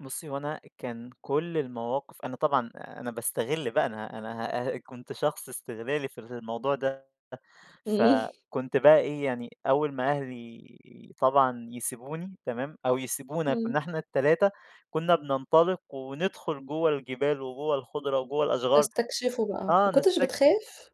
بُصّي، هو أنا أ كان كلّ المواقِف أنا طبعًا، أنا باستغل بقى أنا، أنا هأ كنت شخص إستغلالي في الموضوع ده، ف إمم. كنت بقي إيه، يعني أول ما أهلي طبعًا يسيبوني، تمام، أو يسيبونا، إمم. كنّا إحنا ال3 كنّا بننطلِق وندخُل جوَّه الجبال، وجوَّه الخُضرة، وجوَّه الأشجار، تسكتشفوا بقى. آه ما كنتش نستكشف. بتخاف؟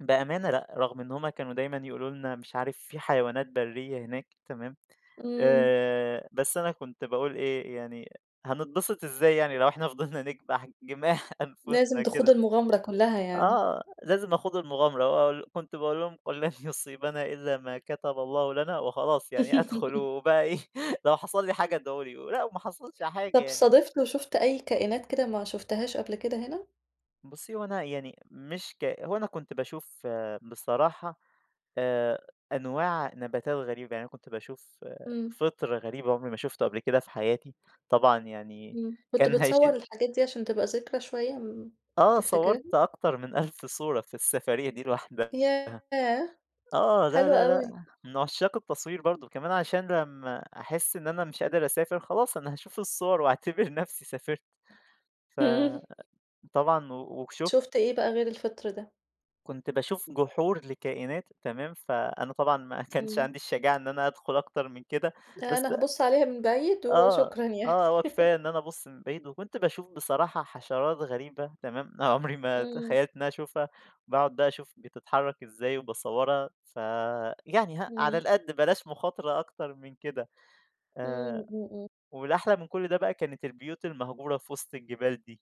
بأمانة لأ، رَغم إن هُم كانوا دايمًا يقولوا لنا مش عارف في حيوانات برّية هناك، تمام، إمم. آآ بس أنا كنت باقول إيه، يعني هنتبسط إزاي يعني لو إحنا فضِلنا نكبَح جماح لازم أنفُسنا كده؟ تخوضوا المغامرة كلّها يعني. آه، لازم نخوض المغامرة، واقول كنت باقول لهم "قُل لَن يُصيبنا إلّا ما كتَبَ الله لنا" وخلاص، يعني أدخُل وبقى إيه لو حصَل لي حاجة ادعوا لي، و لأ وما حصَلش حاجة طَب يعني. صادِفت وشُفت أي كائنات كده ما شُفتهاش قبل كده هنا؟ بُصّي، هو أنا يعني مش ك هو أنا كنت باشوف بصراحة آآ أنواع نباتات غريبة، يعني أنا كنت باشوف إمم. فِطر غريب أنا عُمري ما شُفته قبْل كده في حياتي، طبعًا يعني إمم، كنت كان بتصوّر هيشيل الحاجات دي عشان تبقى ذكرى شوية إمم، آه تفتكرها؟ صوّرت أكتر من 1000 صورة في السفرية دي لوحدها، ياه! آه، لا، حلوة لا، أوي. لأ، من عُشّاق التصوير برضه، وكمان عشان لمّا أحس إن أنا مش قادر أسافر خلاص، أنا هاشوف الصّوَر وأعتبِر نفْسي سافرت ف امم طبعًا و وشُفت شُفت إيه بقى غير الفِطر ده؟ كنت باشوف جُحور لكائنات، تمام، فأنا طبعًا ما كانش إمم. عَندي الشجاعة إن أنا هادخُل أكتر من كده، بس أنا أ هابُص عليها من بعيد آه، وشكرًا يعني آه، هو كفاية إن أنا ابُص من بعيد وكنت باشوف بصراحة حشرات غريبة، تمام، عُمري ما إمم. تخيّلت إن أنا أشوفها وباقعُد بقى أشوف بتتحرّك إزاي وباصوّرها، ف يعني هق على إمم. القَد، بلاش مُخاطرة أكتر من كده إمم، آآ، إمم، إمم. والأحلى من كلّ ده بقى كانت البيوت المهجورة في وِسط الجبال دي.